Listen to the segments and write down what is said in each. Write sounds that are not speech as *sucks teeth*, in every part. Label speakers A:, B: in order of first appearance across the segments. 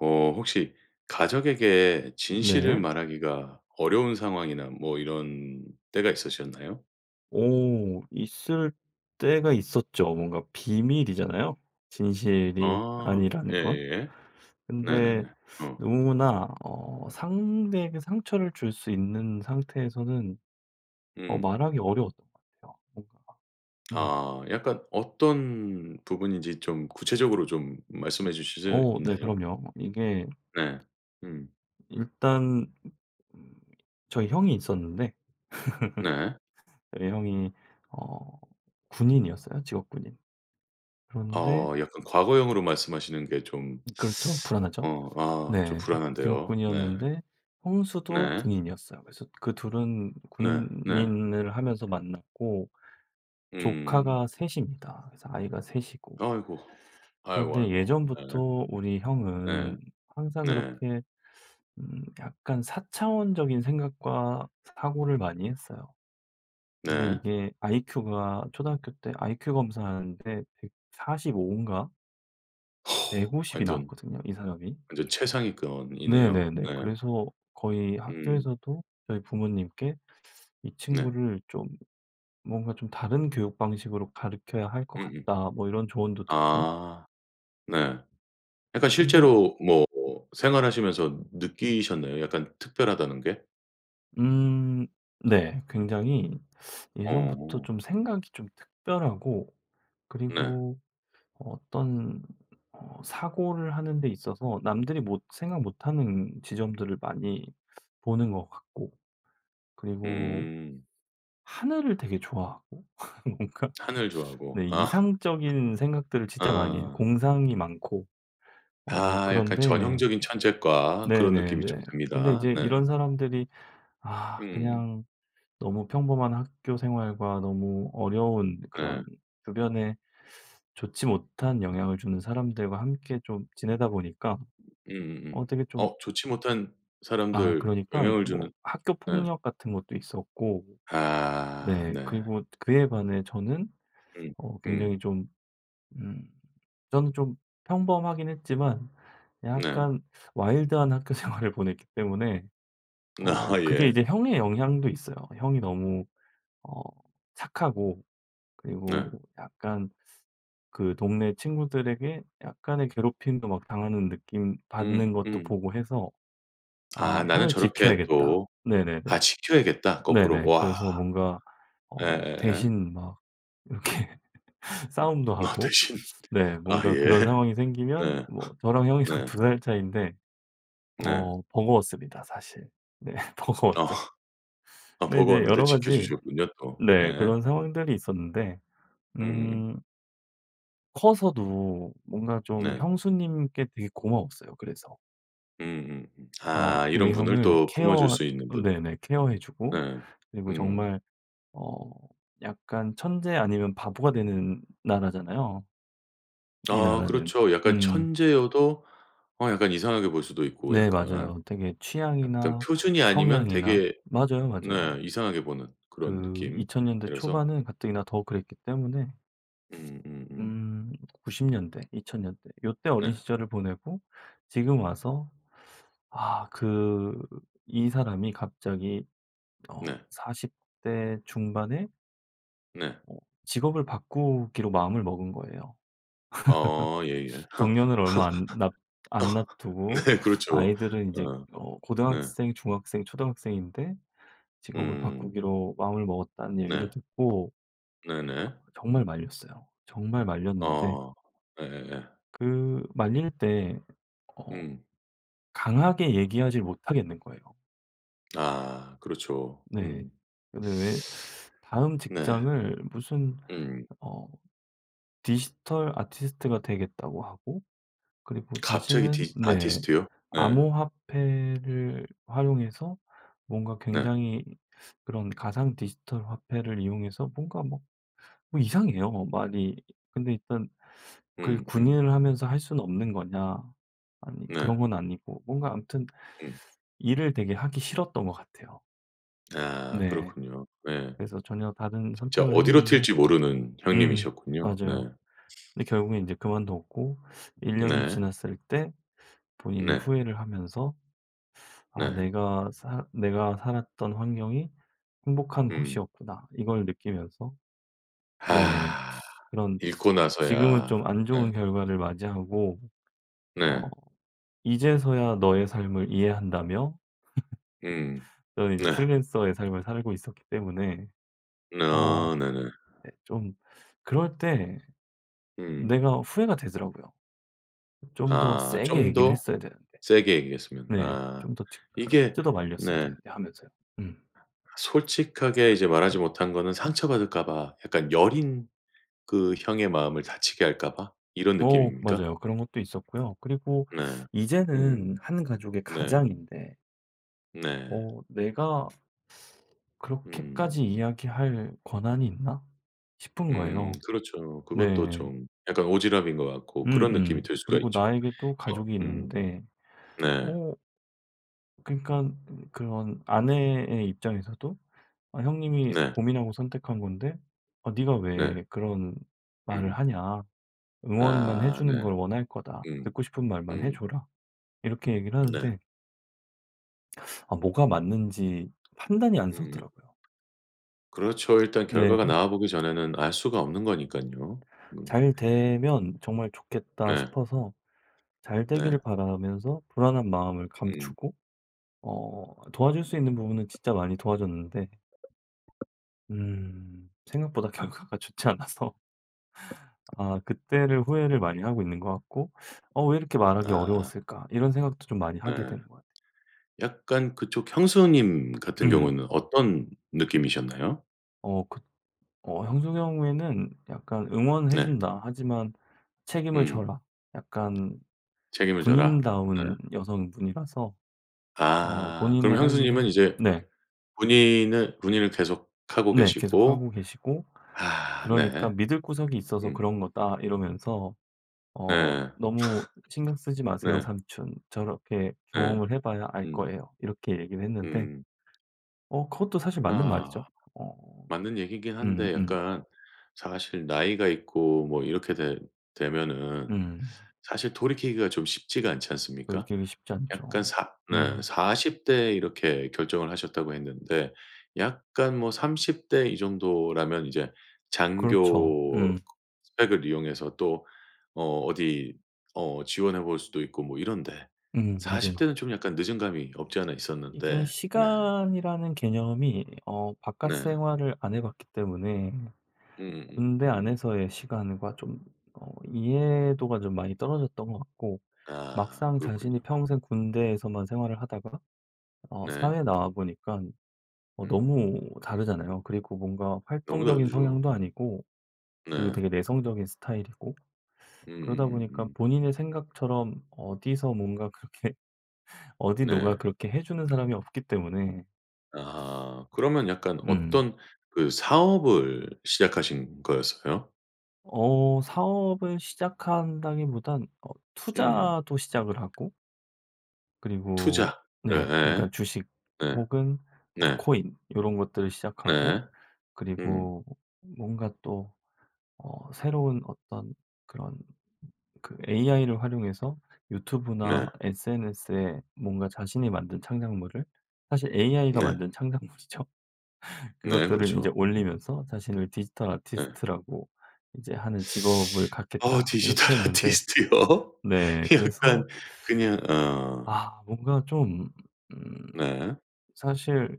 A: 어 혹시 가족에게 진실을
B: 네.
A: 말하기가 어려운 상황이나 뭐 이런 때가 있으셨나요?
B: 오 있을 때가 있었죠. 뭔가 비밀이잖아요 진실이
A: 아.
B: 아니라는 건.
A: 예예예.
B: 근데
A: 네네네. 어.
B: 너무나 어 상대에게 상처를 줄 수 있는 상태에서는 어
A: 음.
B: 말하기 어려웠던 것 같아요 뭔가. 음.
A: 아 약간 어떤 부분인지 좀 구체적으로 좀 말씀해 주실 수
B: 어 네
A: 있나요?
B: 그럼요. 이게
A: 네. 음.
B: 일단 저희 형이 있었는데
A: 네.
B: *laughs* 이 형이 어 군인이었어요 직업 군인. 그런데
A: 어 약간 과거형으로 말씀하시는 게 좀
B: 그렇죠. 불안하죠.
A: 어 아 좀
B: 네.
A: 불안한데요 네.
B: 직업군이었는데 형수도
A: 네.
B: 군인이었어요. 그래서 그 2 은
A: 네. 네.
B: 군인을 하면서 만났고
A: 음.
B: 조카가 3 입니다. 그래서 아이가 3 이고
A: 아이고. 아이고,
B: 그런데
A: 아이고. 예.
B: 예전부터 우리 형은
A: 네.
B: 항상
A: 네.
B: 그렇게 음 약간 사차원적인 생각과 사고를 많이 했어요. 근데
A: 네.
B: 이게 아이큐가 초등학교 때 아이큐 검사하는데 145 인가? 150 이
A: 완전
B: 나왔거든요 이 사람이.
A: 완전 최상위권이네요.
B: 네네네.
A: 네.
B: 그래서 거의
A: 음.
B: 학교에서도 저희 부모님께 "이
A: 네.
B: 친구를 좀 뭔가 좀 다른 교육 방식으로 가르켜야 할 것
A: 음음.
B: 같다." 뭐 이런 조언도 듣고.
A: 아 네. 약간
B: 근데
A: 실제로 뭐 생활하시면서 느끼셨네요 약간 특별하다는 게?
B: 음 네. 굉장히 예전부터
A: 어.
B: 좀 생각이 좀 특별하고
A: 네.
B: 그리고 어떤 어 사고를 하는 데 있어서 남들이 못 생각 못 하는 지점들을 많이 보는 것 같고 그리고
A: 음.
B: 하늘을 되게 좋아하고 *laughs* 뭔가?
A: 하늘
B: 네.
A: 좋아하고. 아. *laughs*
B: 이상적인 생각들을 진짜 많이 해요
A: 아.
B: 공상이 많고. 어
A: 아. 약간
B: 그런데
A: 전형적인 천재과 그런 느낌이 좀
B: 네네네. 근데
A: 듭니다.
B: 인제
A: 네.
B: 이런 사람들이 아
A: 음.
B: 그냥 너무 평범한 학교생활과 너무 어려운
A: 네.
B: 그런 주변에 *sucks teeth* 좋지 못한 영향을 주는 사람들과 함께 좀 지내다 보니까 어
A: 음음음.
B: 되게 좀
A: 어 좋지 못한
B: 아
A: 사람들
B: 그러니깐
A: 영향을
B: 뭐
A: 주는
B: 학교
A: 네.
B: 폭력 같은 것도 있었고
A: 아.
B: 네
A: 네.
B: 그리고 그에 반해 저는
A: 음.
B: 어 굉장히
A: 음.
B: 좀 음 저는 좀 평범하긴 했지만
A: 네.
B: 약간 와일드한 학교생활을 보냈기 때문에 어
A: 아
B: 그게
A: 예.
B: 이제 형의 영향도 있어요. 형이 너무 어 착하고 그리고
A: 네.
B: 뭐 약간 그 동네 친구들에게 약간의 괴롭힘도 막 당하는 느낌
A: 음.
B: 받는 것도
A: 음.
B: 보고 해서 '아
A: 아 '나는
B: 형을
A: 저렇게
B: 지켜야겠다.'
A: 또'
B: 네네네.
A: 아 지켜야겠다 거꾸로?
B: 네네.
A: 와.
B: 그래서 뭔가 어
A: 예예예.
B: 대신 막 이렇게 *laughs* 싸움도
A: 아
B: 하고
A: 대신.
B: 네
A: 아
B: 뭔가
A: 예.
B: 그런 상황이 생기면
A: 네.
B: 뭐 저랑
A: *laughs*
B: 형이랑
A: 네.
B: 2 살 차이인데
A: 네.
B: 어 버거웠습니다 사실. 네.
A: 어.
B: 버거웠죠.
A: 아
B: 근데 이제
A: 버거웠는데
B: 여러 가지
A: 지켜주셨군요 또.
B: 네
A: 예.
B: 그런 상황들이 있었는데.
A: 으으음.
B: 음. 커서도 뭔가 좀
A: 네.
B: 형수님께 되게 고마웠어요 그래서.
A: 음음음.
B: 어
A: 아 이런
B: 우리
A: 분을
B: 형을
A: 또 품어줄
B: 케어
A: 수 있는 분.
B: 네네. 케어해주고
A: 네.
B: 그리고
A: 음.
B: 정말 어 약간 천재 아니면 바보가 되는 나라잖아요? 이
A: 아
B: 나라는.
A: 그렇죠. 약간
B: 음.
A: 천재여도 어 약간 이상하게 볼 수도 있고
B: 네
A: 약간.
B: 맞아요. 되게
A: 약간
B: 취향이나
A: 표준이 아니면
B: 성향이나
A: 되게
B: 맞아요, 맞아요.
A: 네 이상하게 보는 그런
B: 그 2000 년대
A: 느낌이라서.
B: 초반은 가뜩이나 더 그랬기 때문에
A: 음음음.
B: 음 90 년대 2000 년대 요때 어린
A: 네.
B: 시절을 보내고 지금 와서 아 그 이 사람이 갑자기 어
A: 네.
B: 40 대 중반에
A: 네.
B: 어 직업을 바꾸기로 마음을 먹은 거예요.
A: 어 예예.
B: *laughs* 정년을 얼마 안 놨 안
A: *laughs*
B: 놨두고
A: 네 그렇죠.
B: 아이들은 이제
A: 어.
B: 어
A: 네.
B: 고등학생, 중학생, 초등학생인데 직업을
A: 음.
B: 바꾸기로 마음을 먹었다는 얘기를
A: 네.
B: 듣고
A: 네네.
B: 아 정말 말렸어요. 정말 말렸는데
A: 어. 예예예.
B: 그 말릴 때 어
A: 응.
B: 강하게 얘기하지 못하겠는 거예요.
A: 아 그렇죠.
B: 네.
A: 음.
B: 근데 왜 다음
A: 네.
B: 직장을 무슨
A: 음.
B: 어 디지털 아티스트가 되겠다고 하고 그리고
A: 갑자기
B: 자신은
A: 디
B: 네
A: 아티스트요? 네.
B: 암호화폐를 활용해서 뭔가
A: 네.
B: 굉장히 그런 가상 디지털 화폐를 이용해서 뭔가 막 뭐 이상해요 뭐 말이. 근데 일단 그
A: 음 음.
B: "군인을 하면서 할 수는 없는 거냐." 아니 그런
A: 네.
B: 건 아니고 뭔가 암튼
A: 음.
B: 일을 되게 하기 싫었던 것 같아요.
A: 아
B: 네.
A: 그렇군요. 네.
B: 그래서 전혀 다른
A: 진짜
B: 선택을
A: 어디로
B: 했는데
A: 튈지 모르는
B: 음
A: 형님이셨군요. 네.
B: 맞아요. 근데 결국에 이제 그만뒀고 1 년이
A: 네.
B: 지났을 때 본인이
A: 네.
B: 후회를 하면서 '아
A: 네.
B: 내가 사 내가 살았던 환경이 행복한
A: 음.
B: 곳이었구나.' 이걸 느끼면서 네
A: 아
B: 그런
A: 잃고
B: 지금은 좀
A: 나서야
B: 안
A: 예.
B: 좋은 결과를 맞이하고 어
A: 네.
B: 이제서야 너의 삶을 이해한다며
A: 음.
B: *laughs* 저는
A: 네.
B: 이제 프리랜서의 삶을 살고 있었기 때문에 어
A: 아 네네.
B: 네 좀 그럴 때
A: 음.
B: 내가 후회가 되더라고요. '좀 더
A: 아
B: 세게
A: 좀
B: 얘기를
A: 더
B: 했어야 되는데.'
A: 세게 얘기했으면
B: 네.
A: 아.
B: '좀 더 티
A: 이게
B: 뜯어 말렸어야
A: 네.
B: 되는데.' 하면서요. 음.
A: 솔직하게 이제 말하지 못한 거는 상처받을까 봐 약간 여린 그 형의 마음을 다치게 할까 봐 이런
B: 오
A: 느낌입니까?
B: 맞아요. 그런 것도 있었고요. 그리고
A: 네.
B: 이제는
A: 음.
B: 1 가족의
A: 네.
B: 가장인데
A: 네.
B: 어 '내가
A: 음.
B: 그렇게까지 이야기할 권한이 있나?' 싶은
A: 음.
B: 거예요.
A: 그렇죠. 그것도
B: 네.
A: 좀 약간 오지랖인 것 같고 그런 느낌이
B: 음음.
A: 들 수가
B: 그리고
A: 있죠.
B: 나에게 또
A: 어
B: 가족이
A: 음.
B: 있는데
A: 네.
B: 어 그니깐 음 그런 아내의 입장에서도 "아 형님이
A: 네.
B: 고민하고 선택한 건데 아 네가
A: 네.
B: 왜 그런 말을
A: 음.
B: 하냐? 응원만 해
A: 아
B: 주는
A: 네.
B: 걸 원할 거다.
A: 음.
B: 듣고 싶은 말만 해
A: 음.
B: 줘라." 이렇게 얘기를
A: 네.
B: 하는데 *sucks teeth* 아 뭐가 맞는지 판단이 안
A: 음.
B: 서더라요.
A: 그렇죠. 일단
B: 네네.
A: 결과가 나와 보기 전에는 알 수가 없는 거니깐요. 음.
B: '잘 되면 정말 좋겠다.'
A: 네.
B: 싶어서 잘 되기를
A: 네.
B: 바라면서 불안한 마음을
A: 응.
B: 감추고 어 도와줄 수 있는 부분은 진짜 많이 도와줬는데 음 생각보다 결과가 좋지 않아서 아 그때를 후회를 많이 하고 있는 것 같고 '어 왜 이렇게 말하기
A: 아.
B: 어려웠을까?' 이런 생각도 좀 많이 하게
A: 네.
B: 되는 것 같아
A: 약간 그쪽 형수님 같은
B: 음.
A: 경우는 어떤 느낌이셨나요?
B: 어 그 어 형수 경우에는 약간 "응원해
A: 네.
B: 준다. 하지만 책임을
A: 음.
B: 져라." 약간
A: 책임을 져라?
B: 군인다운
A: 예.
B: 여성분이라서 어
A: 아 그럼
B: 본인의 할
A: 형수님은
B: 일에
A: 이제
B: 네.
A: 군인을 군인을 계속 하고
B: 네. 계속
A: 계시고
B: 하고 계시고
A: 아
B: 그러니까
A: 네.
B: "믿을 구석이 있어서
A: 음.
B: 그런 거다." 이러면서 "어
A: 네.
B: 너무 신경 쓰지
A: *laughs*
B: 마세요
A: 네.
B: 삼촌. 저렇게
A: 네.
B: 경험을 해 봐야 알
A: 음.
B: 거예요." 이렇게 얘기를 했는데
A: 음.
B: 어 그것도 사실 맞는
A: 아
B: 말이죠. 어
A: 맞는 얘기이긴 한데
B: 음음.
A: 약간 사실 나이가 있고 뭐 이렇게 되 되면은
B: 음.
A: 사실 돌이키기가 좀 쉽지가 않지 않습니까?
B: 돌이키기 쉽지
A: 약간
B: 않죠.
A: 사 네
B: 음.
A: 40 대에 이렇게 결정을 하셨다고 했는데 약간 뭐 30 대 이 정도라면 이제
B: 그렇죠.
A: 장교
B: 음.
A: 스펙을 이용해서 또 어 어디 어 지원해 볼 수도 있고 뭐 이런데
B: 음
A: 40
B: 맞아요.
A: 대는 좀 약간 늦은 감이 없지 않아
B: 이게
A: 있었는데 네.
B: 시간이라는 개념이 어 바깥
A: 네.
B: 생활을 안 해 봤기 때문에
A: 음음음.
B: 군대
A: 음.
B: 안에서의 시간과 좀 어 이해도가 좀 많이 떨어졌던 것 같고
A: 아
B: 막상 자신이
A: 그렇군요.
B: 평생 군대에서만 생활을 하다가 어 사회에
A: 네.
B: 나와 보니깐 어
A: 음.
B: 너무 다르잖아요. 그리고 뭔가
A: 너무
B: 활동적인
A: 다르죠.
B: 성향도 아니고 그리고
A: 네.
B: 되게 내성적인 스타일이고 그러다 보니깐
A: 음음음음.
B: 본인의 생각처럼 어디서 뭔가 그렇게 어디 누가
A: 네.
B: 그렇게 해 주는 사람이 없기 때문에
A: 아하 그러면 약간
B: 음.
A: 어떤 그 사업을 시작하신 거였어요?
B: 어 사업을 시작한다기보단 어
A: 음.
B: 투자도 시작을 하고
A: 투자
B: 그리고 네
A: 예예
B: 그러니까 주식
A: 예
B: 혹은 어
A: 네.
B: 코인 요런 것들을 시작하고
A: 네. 음.
B: 그리고 뭔가 또 어 새로운 어떤 그런 그 AI를 활용해서
A: 네.
B: 유튜브나 SNS에 뭔가 자신이 만든 창작물을 사실 AI가
A: 네.
B: 만든 창작물이죠.
A: 네
B: 그것들을 인제
A: 그렇죠.
B: 올리면서 자신을 "디지털
A: 예.
B: 아티스트라고 인제 하는 직업을
A: *sucks teeth* 어
B: 갖겠다."
A: 디지털
B: 이렇게 했는데
A: 아티스트요?
B: 네 그래서
A: 약간 그냥 어.
B: 아 뭔가 좀 음
A: 네.
B: 사실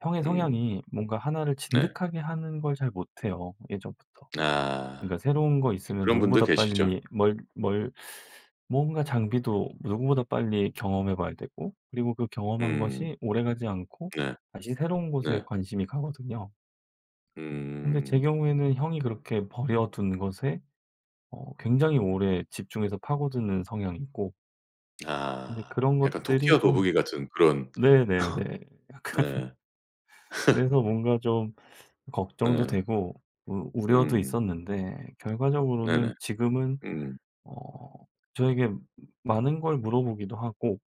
B: 형의
A: 음.
B: 성향이 뭔가 1 를
A: 네.
B: 진득하게 하는 걸 잘 못해요. 예전부터 그러니까
A: 아
B: 새로운 거 있으면
A: 그런 분들
B: 누구보다
A: 계시죠.
B: 빨리 뭘 뭘 뭔가 장비도 누구보다 빨리 경험해 봐야 되고 그리고 그 경험한
A: 음.
B: 것이 오래 가지 않고
A: 네
B: 다시 새로운 곳에
A: 네.
B: 관심이 가거든요. 근데 제
A: 음.
B: 경우에는 형이 그렇게 버려둔 것에 어 굉장히 오래 집중해서 파고드는 성향이고 근데
A: 아.
B: 그런
A: 약간
B: 것들이
A: 토끼와
B: 좀
A: 거북이 같은 그런
B: 네네네.
A: *laughs*
B: 약간
A: 네.
B: 그래서
A: *laughs*
B: 뭔가 좀 걱정도
A: 네.
B: 되고 우 우려도
A: 음.
B: 있었는데
A: 네네.
B: 결과적으로는 지금은
A: 음.
B: 어 저에게 많은 걸 물어 보기도 하고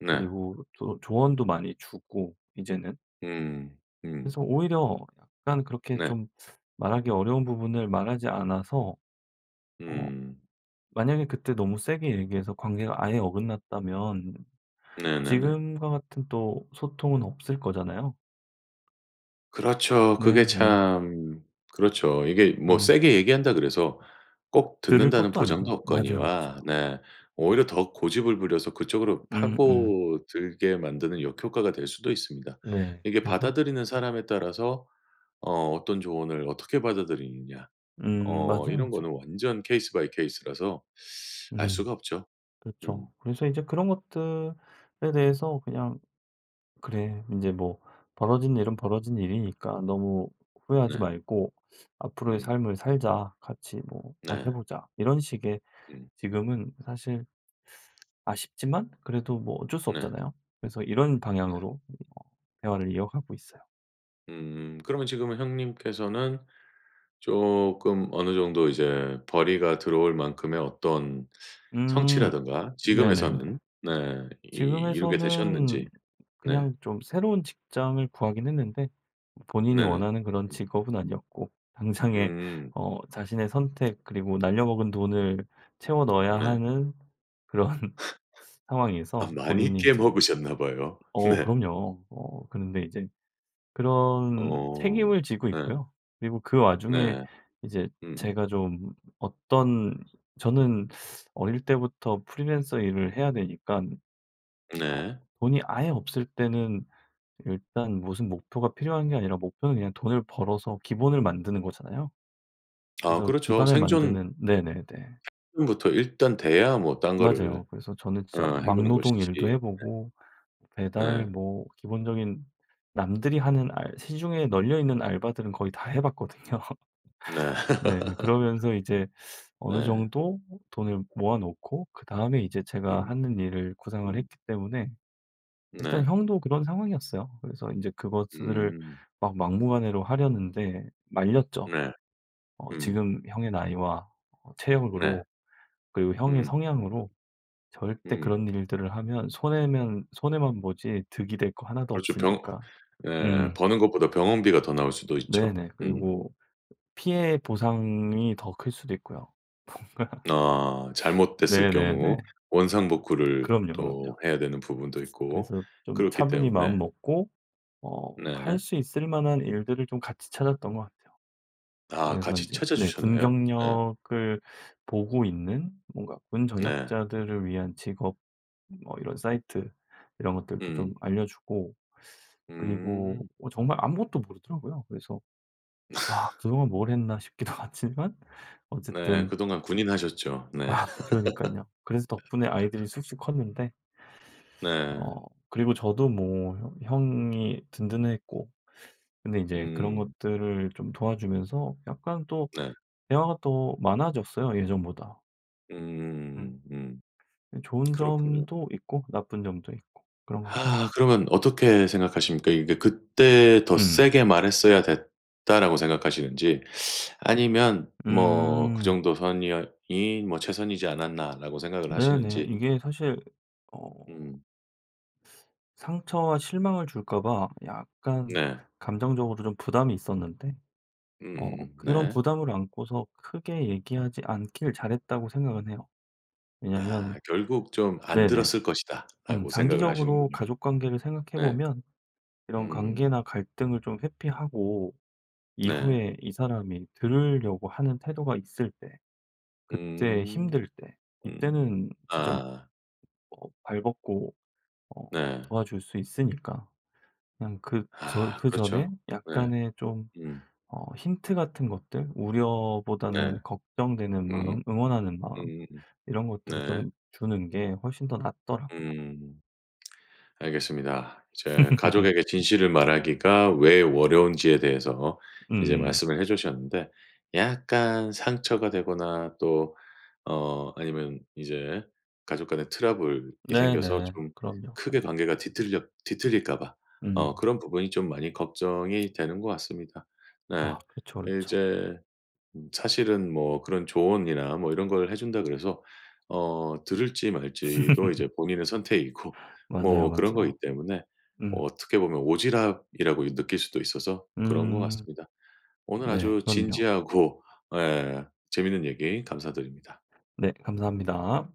A: 네.
B: 그리고 또 조언도 많이 주고 이제는.
A: 응. 응.
B: 그래서 오히려 약간 그렇게
A: 네.
B: 좀 말하기 어려운 부분을 말하지 않아서 어
A: 음.
B: 만약에 그때 너무 세게 얘기해서 관계가 아예 어긋났다면
A: 네네네.
B: 지금과 같은 또 소통은 없을 거잖아요.
A: 그렇죠. 그게
B: 네 네.
A: 참 그렇죠. 이게 뭐
B: 음.
A: 세게 얘기한다 그래서 꼭
B: 들을
A: 듣는다는
B: 것도
A: 보장도
B: 아니고요. 맞아요,
A: 없거니와
B: 맞아요.
A: 네 오히려 더 고집을 부려서 그쪽으로
B: 음 음.
A: 파고들게 만드는 역효과가 될 수도 있습니다.
B: 네.
A: 이게
B: 그래서
A: 받아들이는 사람에 따라서 어 어떤 조언을 어떻게 받아들이느냐
B: 음.
A: 어
B: 맞아요,
A: 이런
B: 맞아요.
A: 거는 완전 케이스 바이 케이스라서 알 수가
B: 음
A: 없죠.
B: 그렇죠.
A: 음.
B: 그래서 이제 그런 것들에 대해서 그냥 '그래 인제 뭐 벌어진 일은 벌어진 일이니까 너무 후회하지
A: 네.
B: 말고 앞으로의
A: 음.
B: 삶을 살자. 같이 뭐 잘해
A: 네.
B: 보자.' 이런 식의
A: 음.
B: 지금은 사실 아쉽지만 그래도 뭐 어쩔 수
A: 네.
B: 없잖아요. 그래서 이런
A: 네.
B: 방향으로 이 뭐 대화를 이어가고 있어요.
A: 음 그러면 지금은 형님께서는 조금 어느 정도 이제 벌이가 들어올 만큼의 어떤
B: 음,
A: 성취라든가
B: 네네네.
A: 지금에서는 네. 이 이루게 되셨는지.
B: 지금에서는
A: 네.
B: 그냥 좀 새로운 직장을 구하긴 했는데 본인이
A: 네네.
B: 원하는 그런
A: 음.
B: 직업은 아니었고 당장에
A: 음.
B: 어 자신의 선택 그리고 날려 먹은 돈을 채워 넣어야
A: 네.
B: 하는 그런
A: *laughs*
B: 상황에서
A: 아 많이
B: 본인이
A: 깨
B: 인제
A: 먹으셨나 봐요.
B: 어
A: 네.
B: 그럼요. 어 그런데 이제 그런
A: 어
B: 책임을 지고
A: 네.
B: 있고요. 그리고 그 와중에
A: 네.
B: 이제
A: 음음.
B: 제가 좀 어떤 저는 어릴 때부터 프리랜서 일을 해야 되니깐 어
A: 네.
B: 돈이 아예 없을 때는 일단 무슨 목표가 필요한 게 아니라 목표는 그냥 돈을 벌어서 기본을 만드는 거잖아요.
A: 아
B: 그래서
A: 그렇죠.
B: 기반을
A: 생존
B: 만드는 네네네.
A: 부터 일단 돼야 뭐 딴
B: 맞아요.
A: 거를
B: 그래서 저는 진짜
A: 어 해 보는
B: 막노동
A: 것이지.
B: 일도 해
A: 네.
B: 보고, 배달
A: 네.
B: 뭐 기본적인 남들이 하는 알 시중에 널려있는 알바들은 거의 다 해 봤거든요.
A: 네.
B: 네
A: *laughs*
B: 그러면서 이제 어느
A: 네.
B: 정도 돈을 모아 놓고 그다음에 이제 제가
A: 응.
B: 하는 일을 구상을
A: 음
B: 했기 때문에 일단
A: 네.
B: 형도 그런 상황이었어요. 그래서 인제 그것을
A: 음.
B: 막 막무가내로 하려는데 말렸죠.
A: 네.
B: 어
A: 음.
B: 지금 형의 나이와
A: 네.
B: 체력으로 그리고 형의
A: 음.
B: 성향으로 절대
A: 응.
B: 그런 일들을 하면 손해면 손해만 보지 득이 될 거 하나도
A: 그렇죠. 병
B: 없으니까.
A: 예.
B: 음.
A: 버는 것보다 병원비가 더 나올 수도 있죠.
B: 네네.
A: 음.
B: 그리고 피해보상이 더 클 수도 있고요. 뭔가 *laughs*
A: 어 잘못됐을
B: 네네네.
A: 경우 원상 복구를
B: 그럼요,
A: 또
B: 그럼요.
A: 해야 되는 부분도 있고
B: 그래서 좀
A: 그렇기
B: 차분히
A: 때문에.
B: 마음 먹고 어 할
A: 네.
B: 수 있을 만한 일들을 좀 같이 찾았던 것 같아요.
A: 아
B: 그래서
A: 같이
B: 인제
A: 찾아
B: 네. 군
A: 주셨나요? 네.
B: 경력을 보고 있는 뭔가 군
A: 네.
B: 전역자들을 위한 직업 뭐 이런 사이트 이런 것들도 좀
A: 음.
B: 알려 주고 그리고
A: 음.
B: 어 정말 아무것도 모르더라고요. 그래서 '아
A: *laughs*
B: 그동안 뭘 했나?' 싶기도 하지만
A: 네.
B: 어쨌든
A: 그동안 군인 하셨죠. 네.
B: 아 그러니깐요. 그래서 덕분에 아이들이
A: *laughs*
B: 쑥쑥 컸는데.
A: 네.
B: 어 그리고 저도 뭐 혀 형이 든든했고 근데 인제 그런
A: 음.
B: 것들을 좀 도와주면서 약간 또
A: 네.
B: 대화가 또 많아졌어요 예전보다. 음.
A: 음음음음음 음.
B: 예 좋은
A: 그렇군요.
B: 점도 있고 나쁜 점도 있고 그런 거 같아요.
A: 아 그러면 어떻게 생각하십니까? 이게 '그때 더
B: 음.
A: 세게 말했어야 됐다.'라고 생각하시는지, 아니면 뭐 '그
B: 음.
A: 정도 선이었 이 뭐 최선이지 않았나.' 라고 생각을
B: 네네.
A: 하시는지.
B: 이게 사실 어
A: 음.
B: 상처와 실망을 줄까 봐 약간
A: 네.
B: 감정적으로 좀 부담이 있었는데 어
A: 음음음
B: 그런
A: 네.
B: 부담을 안고서 크게 얘기하지 않기를 잘했다고 생각은 해요. 왜냐면
A: 아 '결국 좀 안
B: 네네.
A: 들었을
B: 음
A: 것이다.'라고 생각을
B: 장기적으로
A: 하시는군요.
B: 가족관계를 생각해
A: 네.
B: 보면 이런
A: 음.
B: 관계나 갈등을 좀 회피하고
A: 네.
B: 이후에 이 사람이 들으려고 하는 태도가 있을 때 그때
A: 음.
B: 힘들 때
A: 음.
B: 이때는 진짜
A: 아.
B: 어 발 벗고 어
A: 네.
B: 도와줄 수 있으니까 그냥 그 저
A: 아
B: 그전에
A: 그렇죠. 네.
B: 약간의 좀
A: 음.
B: 어 힌트 같은 것들
A: 네.
B: 우려보다는 걱정되는
A: 음음.
B: 마음, 응원하는 마음
A: 음음음.
B: 이런 것들을
A: 네.
B: 좀 주는 게 훨씬 더 낫더라고요.
A: 음. 알겠습니다. 이제 가족에게 진실을
B: *laughs*
A: 말하기가 왜 어려운지에 대해서 이제
B: 음.
A: 말씀을 해 주셨는데 약간 상처가 되거나 또 어 아니면 이제 가족 간의 트러블이 생겨서
B: 네네.
A: 좀
B: 그럼요,
A: 크게
B: 그럼요.
A: 관계가 뒤틀렸 뒤틀릴까 봐. 어
B: 음.
A: 그런 부분이 좀 많이 걱정이 되는 것 같습니다. 네.
B: 아 그렇죠, 그렇죠.
A: 이제 사실은 뭐 그런 조언이나 뭐 이런 걸 해 준다고 그래서 어 들을지 말지도 이제
B: *laughs*
A: 본인의 선택이고
B: 맞아요,
A: 뭐 그런 거기
B: 맞아요.
A: 때문에 어
B: 음.
A: 어떻게 보면 오지랖이라고 느낄 수도 있어서 그런 것
B: 음.
A: 같습니다. 오늘
B: 네
A: 아주
B: 그럼요.
A: 진지하고 예 재밌는 얘기 감사드립니다.
B: 네 감사합니다.